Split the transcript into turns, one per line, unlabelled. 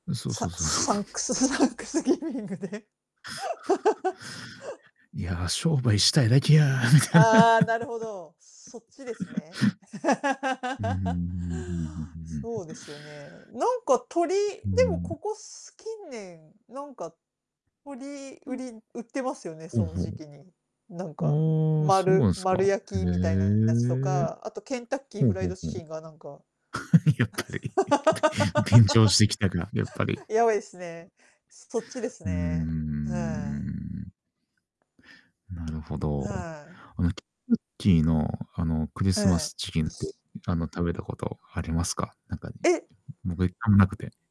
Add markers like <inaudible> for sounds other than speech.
ん、そうそ
サ
うそうそう。
サン
<laughs>
クスサンクスギビングで。
<laughs>
<laughs>
いや、商売したいだけや、みたいな。
ああ、なるほど。そっちですね。
<laughs> うんうんうんうんう
<laughs>
うん。
そうですよね。なんか鶏
う
で
ー
もこ
ん。
こす近年、なんか、鶏
う
売
ん。
り売ってますよね、
ほ
そ
う
の
ほ
時期に。なんか、
う。ああ、そうな
丸
んすか。へ
丸焼きみたいなやつと
え。
か、あとケンタッキー
ほう
フライ
ほう
ド
ほ
チ
う。
キンがなんか
<laughs> やっぱり。<laughs> 便乗してきたか、やっぱり。
<laughs> やばいですね。そっちです
うー
ね、はい。
ん。なるほど。
はい。
あの、ケンキーの、あのクリ
え
スマ
え。
スチキンって、あの、食べたことありますか？なんかに、
え
僕一回もなくて。